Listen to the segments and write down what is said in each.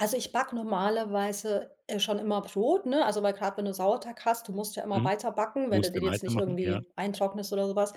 Also, ich backe normalerweise, äh, schon immer Brot, ne? Also, weil grad, wenn du Sauerteig hast du musst ja immer Mhm. weiter backen, wenn du Musste den jetzt nicht weitermachen, ja. irgendwie eintrocknest oder so was.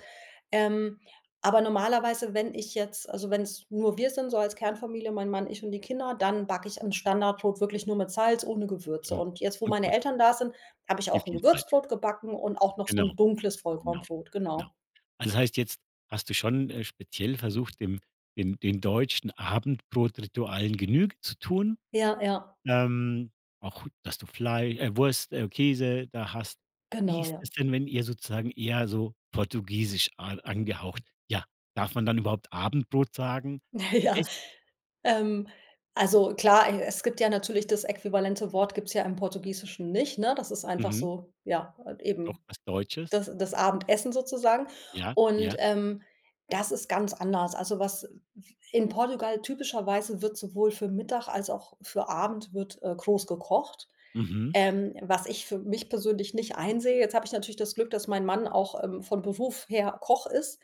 Ähm, aber normalerweise, wenn ich jetzt also wenn's nur wir sind so als Kernfamilie, mein Mann, ich und die Kinder, dann backe ich 'n Standardbrot wirklich nur mit Salz, ohne Gewürze. Mhm. Und jetzt, wo Und meine gut. Eltern da sind, habe ich Viel auch 'n viel Zeit. Gewürzbrot gebacken und auch noch so 'n Genau. dunkles Genau. Vollkornbrot, Genau. genau. Das heißt, jetzt hast du schon, äh, speziell versucht, dem den den deutschen Abendbrotritualen Genüge zu tun? Ja, ja. Ähm, auch dass du Flei äh, Wurst, äh, Käse da hast. Wie Genau, ist ja. es denn, wenn ihr sozusagen eher so Portugiesisch a angehaucht ja, darf man dann überhaupt Abendbrot sagen? Ja, Echt? ähm, also klar, e es gibt ja natürlich das äquivalente Wort gibt's ja im Portugiesischen nicht, ne? Das ist einfach Mhm. so, ja, halt Doch eben was Deutsches. das das Abendessen sozusagen. Ja, Und, ja. ähm, das ist ganz anders also, was in Portugal typischerweise wird sowohl für Mittag als auch für Abend wird, äh, groß gekocht, Mhm. ähm, was ich für mich persönlich nicht einsehe. Jetzt habe ich natürlich das Glück, dass mein Mann auch, ähm, von Beruf her Koch ist,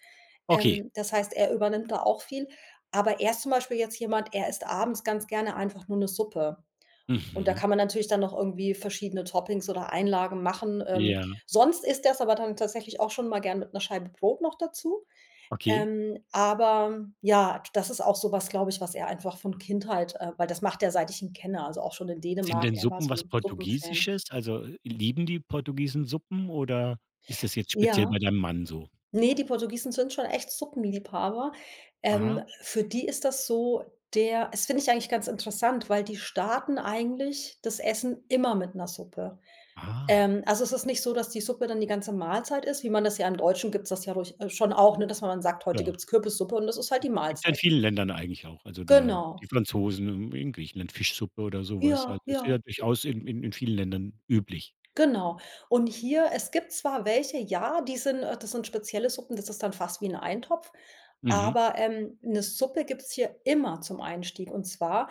Okay. ähm, das heißt, er übernimmt da auch viel. Aber er ist zum Beispiel jetzt jemand er isst abends ganz gerne einfach nur 'ne Suppe und da Mhm. kann man natürlich dann noch irgendwie verschiedene Toppings oder Einlagen machen. Ähm, Ja. sonst isst er es aber tatsächlich auch schon mal gerne mit 'ner Scheibe Brot noch dazu. Okay. Ähm, aber ja, das ist auch so etwas, glaube ich, was er einfach von Kindheit äh, weil das macht er, seit ich ihn kenne also auch schon in Sind Dänemark denn er war Suppen so was 'n Suppenfan. Portugiesisches? Also, lieben die Portugiesen Suppen oder ist das jetzt speziell Ja. bei deinem Mann so? Ne, die Portugiesen sind schon echt Suppenliebhaber. Aha. Ähm, für die ist das so, der das finde ich eigentlich ganz interessant, weil die starten eigentlich das Essen immer mit 'ner Suppe. Ah. Ähm, also es ist nicht so, dass die Suppe dann die ganze Mahlzeit ist, wie man das ja im Deutschen gibt's das ja durch äh, schon auch, ne, dass man sagt: „Heute Ja. gibt's Kürbissuppe” und das ist halt die Gibt's ja in Mahlzeit. vielen Ländern eigentlich auch. Also da Genau. die Franzosen, in in Griechenland Fischsuppe oder so was Ja, halt. Das ist ja. ja durchaus in in in vielen Ländern üblich. Genau. Und hier es gibt zwar welche, ja, die sind äh, das sind spezielle Suppen das ist dann fast wie 'n Eintopf. Mhm. Aber, ähm, 'ne Suppe gibt es hier immer zum Einstieg. Und zwar,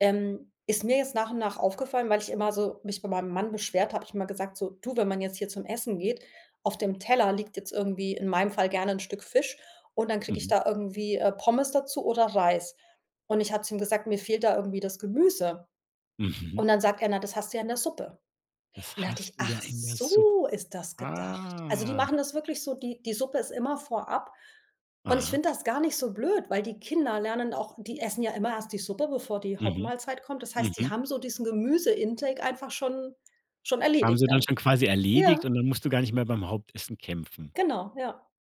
ähm, ist mir jetzt nach und nach aufgefallen, weil ich immer so mich bei meinem Mann beschwert habe ich immer gesagt: „So, du, wenn man jetzt hier zum Essen geht” auf dem Teller liegt jetzt irgendwie in meinem Fall gerne 'n Stück Fisch und dann kriege ich Mhm. da irgendwie, äh, Pommes dazu oder Reis und ich habe zu ihm gesagt: „Mir fehlt da irgendwie das Gemüse.” Mhm. Und dann sagt er: „Na, das hast du ja in der Suppe.“ Und Das da dachte hast ich: du ja „Ach in der Sup so ist das gedacht.” Also, die ah. machen das wirklich so, die die Suppe ist immer vorab und ich Aha. finde das gar nicht so blöd, weil die Kinder lernen auch die essen ja immer erst die Suppe, bevor die Mhm. Hauptmahlzeit kommt. Das heißt, die Mhm. haben so diesen Gemüse Intake einfach schon schon Haben erledigt sie dann dann. schon quasi erledigt Ja. und dann musst du gar nicht mehr beim Hauptessen kämpfen. Genau, ja.